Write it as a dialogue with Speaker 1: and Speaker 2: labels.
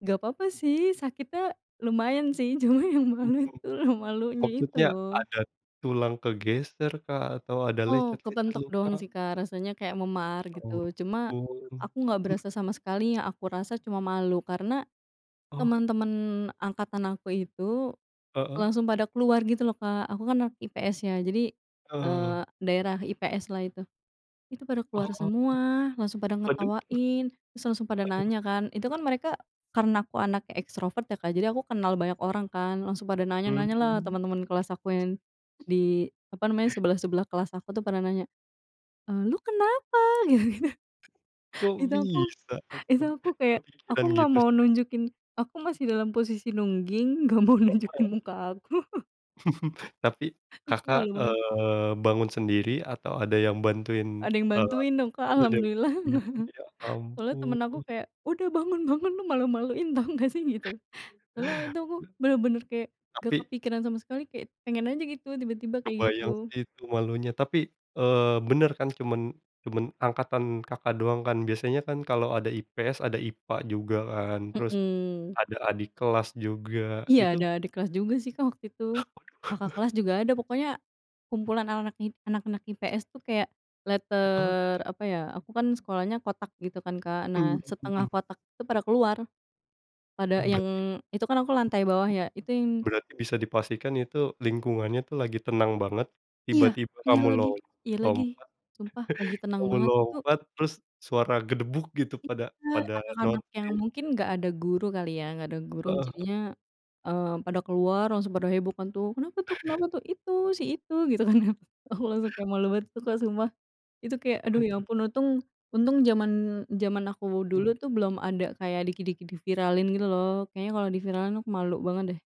Speaker 1: Gapapa sih sakitnya lumayan sih, cuma yang malu
Speaker 2: Mhm,
Speaker 1: tuh malunya itu
Speaker 2: maksudnya
Speaker 1: loh.
Speaker 2: ada tulang ke geser kah atau ada
Speaker 1: Oh,
Speaker 2: lecet-lecet
Speaker 1: kepentok doang
Speaker 2: luka?
Speaker 1: sih, Kak, rasanya kayak memar gitu cuma
Speaker 2: Oh.
Speaker 1: aku nggak
Speaker 2: [unintelligible]
Speaker 1: berasa sama sekali, yang aku rasa cuma malu karena
Speaker 2: Oh.
Speaker 1: teman-teman angkatan aku itu
Speaker 2: Heeh.
Speaker 1: langsung pada keluar gitu loh, Kak. Aku kan anak IPS ya jadi,
Speaker 2: Eee.
Speaker 1: eee, daerah IPS lah itu, itu pada keluar
Speaker 2: Oh,
Speaker 1: semua langsung pada
Speaker 2: waduh.
Speaker 1: ngetawain terus langsung pada
Speaker 2: Waduh.
Speaker 1: nanya kan itu kan mereka karena aku anaknya ekstrovert ya, Kak, jadi aku kenal banyak orang kan langsung pada nanya-nanya lah
Speaker 2: Mmm.
Speaker 1: teman-teman kelas aku yang, di apa namanya sebelah-sebelah kelas aku tuh pada nanya, eee, "lo kenapa?" Gitu-gitu.
Speaker 2: Kok
Speaker 1: Itu aku
Speaker 2: bisa
Speaker 1: itu aku
Speaker 2: [unintelligible]
Speaker 1: kayak aku
Speaker 2: kepikiran
Speaker 1: nggak
Speaker 2: gitu
Speaker 1: mau
Speaker 2: sih, Kak?
Speaker 1: nunjukin aku masih dalam posisi nungging, gak mau nunjukin
Speaker 2: [unintelligible]
Speaker 1: muka aku.
Speaker 2: Tapi, Kakak,
Speaker 1: Malu banget.
Speaker 2: eee, bangun sendiri atau ada yang bantuin?
Speaker 1: Ada yang
Speaker 2: Oh,
Speaker 1: bantuin dong, Kak,
Speaker 2: aman ya, Kak.
Speaker 1: Alhamdulillah.
Speaker 2: Ya
Speaker 1: Soalnya temen aku
Speaker 2: ampun.
Speaker 1: kayak "udah bangun-bangun, lo malu-maluin tau gak sih?" Gitu. Setelah itu aku bener-bener kayak gak
Speaker 2: Tapi
Speaker 1: kepikiran sama sekali kayak pengen aja gitu tiba-tiba kayak
Speaker 2: kebayang
Speaker 1: gitu.
Speaker 2: sih itu malunya. Tapi, eee, benar cuman cuman angkatan, Kakak, doang kan. Biasanya kalau ada IPS ada IPA juga kan, terus
Speaker 1: Mhm.
Speaker 2: ada adik kelas juga,
Speaker 1: Iya
Speaker 2: itu
Speaker 1: ada adik kelas juga sih, Kak, waktu itu Kakak kelas juga ada pokoknya kumpulan anak-anak anak-anak IPS tuh kayak
Speaker 2: Heeh.
Speaker 1: letter, apa ya aku kan sekolahnya kotak gitu kan, Kak. Nah,
Speaker 2: Mhm
Speaker 1: setengah
Speaker 2: mhm.
Speaker 1: kotak itu pada keluar pada
Speaker 2: Oh,
Speaker 1: yang
Speaker 2: berarti
Speaker 1: itu kan aku lantai bawah ya itu yang
Speaker 2: ...berarti bisa dipastikan itu lingkungannya tuh lagi tenang banget,
Speaker 1: Iya
Speaker 2: tiba-tiba
Speaker 1: iya
Speaker 2: kamu
Speaker 1: lagi
Speaker 2: lom
Speaker 1: iya lagi,
Speaker 2: lompat,
Speaker 1: sumpah lagi tenang
Speaker 2: kamu
Speaker 1: banget itu.
Speaker 2: lompat terus suara gedebuk gitu
Speaker 1: Iya
Speaker 2: pada pada
Speaker 1: anak-anak yang
Speaker 2: notice.
Speaker 1: mungkin gak ada guru kali ya, gak ada guru
Speaker 2: Heeh.
Speaker 1: jadinya, eee, pada keluar, langsung pada heboh kan tuh, kenapa tuh kenapa tuh itu itu si itu gitu kan aku langsung kayak malu banget tuh, sumpah itu kayak aduh ya
Speaker 2: Waduh.
Speaker 1: ampun untung untung zaman zaman aku
Speaker 2: Mhm.
Speaker 1: dulu tuh belum ada kayak dikit-dikit di viralin gitu loh, kayaknya kalau di viralin aku malu banget deh.